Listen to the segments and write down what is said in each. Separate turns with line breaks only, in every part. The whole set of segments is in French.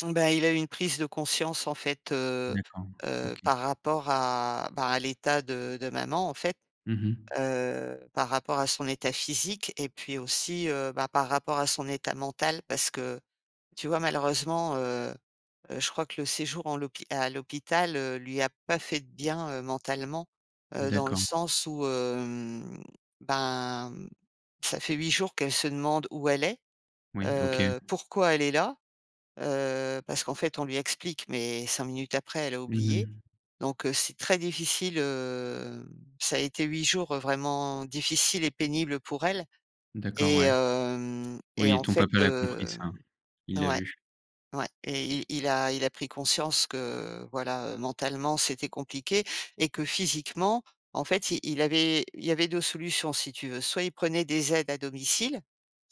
Bah, il a eu une prise de conscience, en fait, heu
D'accord,
heu,
OK.
par rapport à, bah, à l'état de de maman, en fait,
Mmh mh.
heu, par rapport à son état physique et puis aussi, heu, bah, par rapport à son état mental parce que tu vois malheureusement, heu heu, je crois que le séjour en l'hôpi à l'hôpital, heu, lui a pas fait de bien mentalement, heu, dans le
D'accord.
sens où, hem, ben, ça fait 8 jours qu'elle se demande où elle est,
Oui, OK.
heu, pourquoi elle est là, heu, parce qu'en fait, on lui explique mais 5 minutes après, elle a
Mmh
oublié
mh.
donc heu, c'est très difficile, hem, ça a été 8 jours vraiment difficiles et pénibles pour elle
D'accord,
et
ouais.
hem et
Oui,
en
ton
fait,
papa l'a compris
heu,
ça, il l'a
ouais,
vu.
ouais et i il a il a pris conscience que, voilà, heu, mentalement, c'était compliqué et que physiquement, en fait, i il avait il y avait 2 solutions si tu veux. Soit il prenait des aides à domicile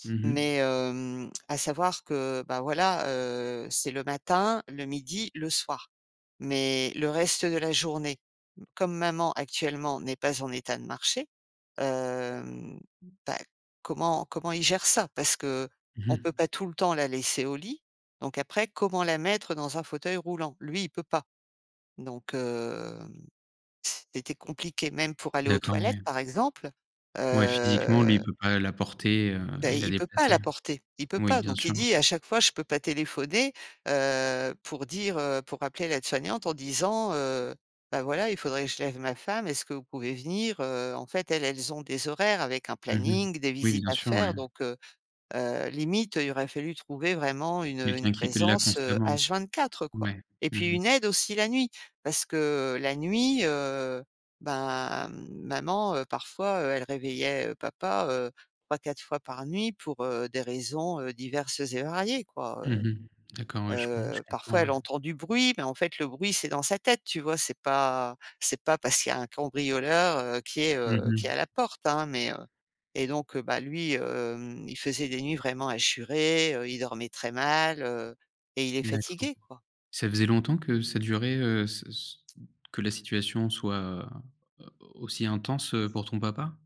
Mmh
mais
mh.
hem, à savoir que, bah, voilà, heu, c'est le matin, le midi, le soir mais le reste de la journée comme maman actuellement n'est pas en état de marcher, heu, bah, comment comment il gère ça? Parce
Mmh
qu'on peut
mh.
pas tout le temps la laisser au lit donc après comment la mettre dans un fauteuil roulant? Lui, il peut pas donc hem, c c'était compliqué, même pour aller aux
D'accord,
toilettes,
ouais.
par exemple,
Ouais, physiquement, lui,
heu
il peut pas la porter, heu
bah,
et
i
la
il peut pas
déplacer,
la
heu,
porter, il peut
oui,
pas
bien
donc il
sûr.
dit à chaque fois: «Je peux pas téléphoner, heu, pour dire, heu, pour appeler l'aide-soignante en disant, heu, bah, voilà, il faudrait je lève ma femme, est-ce que vous pouvez venir?», heu, en fait, elles elles ont des horaires avec un
Mmh mh,
planning, des
oui,
visites
bien
à
sûr,
faire,
ouais.
donc heu heu, limite, il aurait fallu trouver vraiment une, heu, une
Quelqu'un qui était là
présence, heu,
constamment.
H 24, heu, quoi
Ouais,
et
mmh
puis
mh.
une aide aussi la nuit parce que la nuit, heu, ben, maman, heu, parfois, elle réveillait, heu, papa, heu, 3-4 fois par nuit pour, heu, des raisons, heu, diverses et variées, quoi,
Mmh
heu
mh, d'accord, ouais, je com je
heu, parfois
comprends,
elle
ouais.
entend du bruit mais en fait, le bruit, c'est dans sa tête, tu vois? C'est pas c'est pas parce qu'il y a un cambrioleur, heu, qui est,
Mmh
heu, qui est
mh.
à la porte, hein mais et donc bah, lui, hem, il faisait des nuits vraiment hachurées, heu, il dormait très mal, heu et il est
D'accord.
fatigué, quoi.
Ça faisait longtemps que ça durait, heu, ce ce que la situation soit au aussi intense pour ton papa?